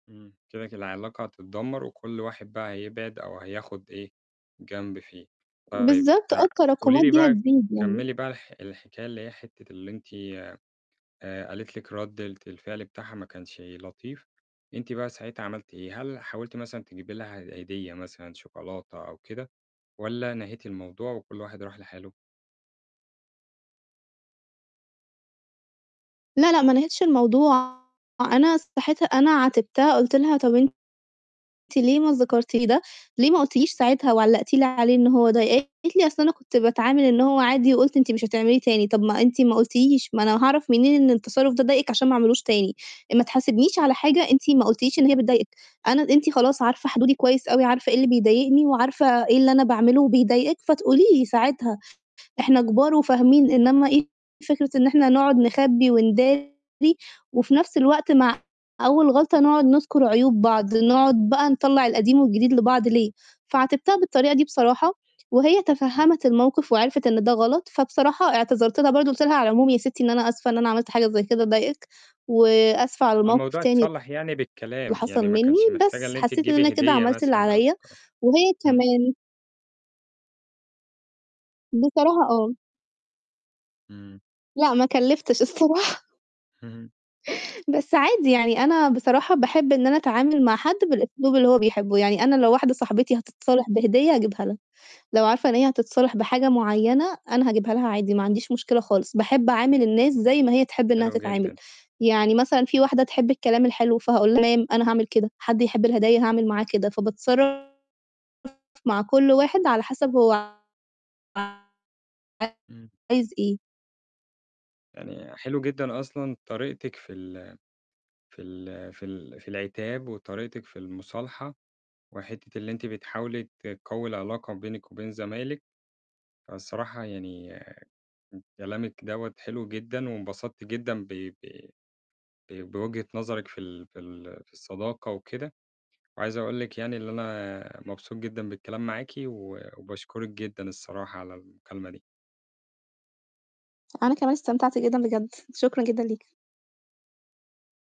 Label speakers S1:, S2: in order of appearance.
S1: إمم. كده، كل العلاقة هتتدمّر وكل واحد بقى هيبعد أو هياخُد إيه، جنب فيه. طيب
S2: بالضبط آه.
S1: آآ، قولي
S2: التراكُمات
S1: لي
S2: دي
S1: بقى،
S2: هتزيد يعني.
S1: كمِّلي بقى الح الحكاية اللي هي حتّة اللي أنتِ آآ، قالت لكِ رَدّة الفعل بتاعها ما كانش لطيف، أنتِ بقى ساعتها عملتِ إيه، هل حاولتِ مثلًا تجيبي لها ه هدية مثلًا شوكولاتة أو كده والَّا نهيتِ الموضوع وكل واحد راح لحاله؟
S2: لا، لأ، ما نهيتش الموضوع، أنا صحيت أنا عاتبتها، قُلت له: "طَب أنتِ ليه ما ذكرتِ لي ده، ليه ما قُلتِ ليش ساعتها وعلّقتِ لي عليه إن هو ضايقِك؟" قالت لي: "أصل أنا كنت باتعامل إن هو عادي وقُلت أنتِ مش هتعمليه تاني." "طَب ما أنتِ ما قُلتيش، ما أنا هاعرف منين إن التصرُّف ده ضايقِك عشان ما أعملهوش تاني؟ آآ، ما تحاسبنيش على حاجة أنتِ ما قُلتِ ليش إن هي بتضايقِك، أنا أنتِ خلاص عارفة حدودي كويس أوي، عارفة إيه اللي بيضايقني وعارفة إيه اللي أنا باعمله وبيضايقِك فتقولي لي ساعتها، إحنا كبار وفاهمين، إنّما إيه فكرة إن إحنا نقعد نخبّي ونداري وفي نَفْس الوقت مع أول غلطة نقعد نُذكُر عيوب بعض، نقعد بقى نطلّع القديم والجديد لبعض، ليه؟" فعاتبتها بالطريقة دي بصراحة، وهي
S1: إمم.
S2: تفهَّمِت الموقِف وعرفِت إن ده غلط، فبصراحة اعتذرت لها برضه قُلت لها: "على العموم يا سِتّي إن أنا آسفة إن أنا عملت حاجة زي كده ضايقِك، وآسفة على الموقِف
S1: الموضوع
S2: تاني
S1: اتصلّح يعني
S2: اللي
S1: بالكلام، يعني
S2: حصل
S1: ما
S2: منّي."
S1: كانش محتاجة
S2: بس
S1: إن أنتِ
S2: حسّيت إن أنا
S1: تجيبي
S2: كده
S1: هدية
S2: عملت اللي
S1: مثلًا أو
S2: عليّا
S1: شوكلا
S2: وهي
S1: إمم.
S2: كمان بصراحة آه.
S1: إمم.
S2: لأ، ما كلِّفتش الصراحة.
S1: إمم.
S2: بس عادي يعني أنا بصراحة باحب إن أنا أتعامل مع حد بالأسلوب اللي هو بيحبّه. يعني أنا لو واحدة صاحبتي هتتصالح بهدية هاجيبها لها. لو عارفة إن هي هتتصالح بحاجة معيّنة أنا هاجيبها لها عادي ما عنديش مشكلة خالص، باحب أعامل الناس زي ما هي تحب إنّها
S1: حلو
S2: تتعامل.
S1: جدًا.
S2: يعني مثلًا في واحدة تحب الكلام الحلو، فهاقول لها تمام، أنا هاعمل كده. حد يحب الهداية هاعمل معاه كده، فباتصرّف مع كل واحد على حَسَب هو
S1: إمم.
S2: عايز إيه.
S1: يعني حلو جدًا أصلًا طريقتِك في ال في ال في ال في العتاب، وطريقتِك في المُصالحة، وحتّة اللي أنتِ بتحاولي تقوّي العلاقة بينِك وبين زمايلِك، فالصراحة يعني كلامِك دوّة حلو جدًا، وانبسطت جدًا ب ب ب بوجهة نظرِك في ال في ال في الصداقة وكده. وعايز أقول لِك يعني اللي أنا مبسوط جدًا بالكلام معاكِ، و وباشكرِك جدًا الصراحة على المكالمة دي.
S2: أنا كمان استمتعت جدًا بجد، شكرًا جدًا ليكِ.